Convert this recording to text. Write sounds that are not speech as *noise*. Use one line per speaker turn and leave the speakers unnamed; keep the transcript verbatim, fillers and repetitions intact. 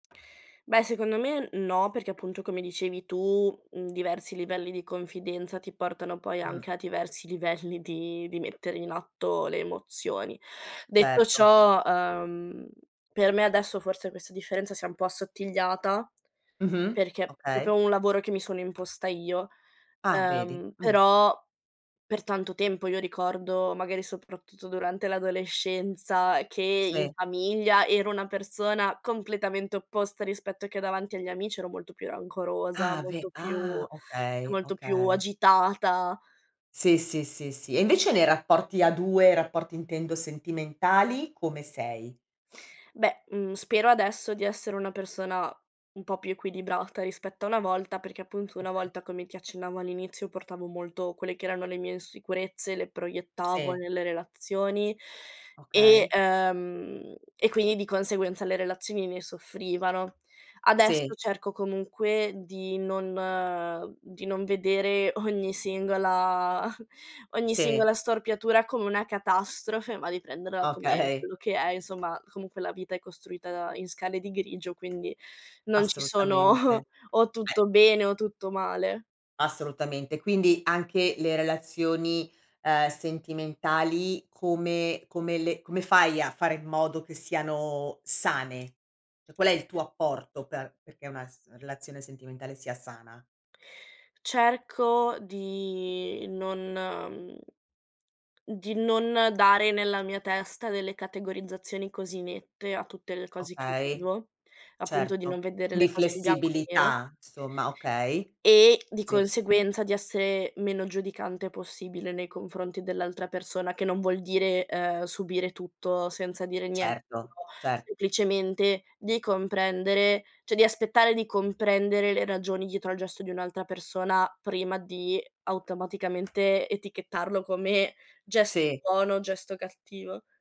Beh, secondo me, n no, perché, appunto, come dicevi tu, mhmm, diversi livelli di confidenza ti portano, poi,
Uhm.
anche a diversi livelli di di mettere in atto le emozioni. Detto
Certo.
ciò, ehm, per me, adesso, forse, questa differenza si è un po' assottigliata,
Mh-mh.
perché è
Okay.
propio un lavoro che mi sono imposta io.
Ah, vedi.
Ehm,
Mh.
però, per tanto tempo, io ricordo, magari, soprattutto durante l'adolescenza, che, in
Sì.
famiglia, ero una persona completamente opposta rispetto che davanti agli amici: ero molto più rancorosa,
Ah ve
molto
ah
più
okay,
molto più
okay.
agitata.
Sì, sì, sì, sì. E invece, nei rapporti a due, rapporti, intendo sentimentali, come sei?
Beh, mhmm, spero, adesso, di essere una persona un po' più equilibrata rispetto a una volta, perché, appunto, una
Okay.
volta, come ti accennavo all'inizio, portavo molto quelle che erano le mie insicurezze, le proiettavo
Sì.
nelle relazioni e
Okay.
ehm, e, quindi, di conseguenza, le relazioni ne soffrivano.
Sì.
Adesso cerco, comunque, di non di non vedere ogni singola ogni
Sì.
singola storpiatura come una catastrofe, ma di prenderla come
Okay.
quello che è, insomma, comunque, la vita è costruita in scale di grigio, quindi, non ci
Assolutamente.
sono
Eh
o tutto bene o tutto male.
Assolutamente. Quindi anche le relazioni, ehm, sentimentali come come le come fai a fare in modo che siano sane? ceh, qual è il tuo apporto per perché una s relazione sentimentale sia sana?
Cerco di non mhmm, di non dare nella mia testa delle categorizzazioni così nette a tutte le cose che
Okay.
vivo, appunto di
Certo,
non vedere
di
le cose bianco e nero
flessibilità, somma, okay.
e, di
Sì
conseguenza, di essere meno giudicante possibile nei confronti dell'altra persona, che non vuol dire, ehm, subire tutto senza dire niente,,
Certo,
*unintelligible*
cer
semplicemente, di comprendere, ceh, di aspettare di comprendere le ragioni dietro al gesto di un'altra persona, prima di automaticamente etichettarlo come gesto
Sì.
buono, gesto cattivo.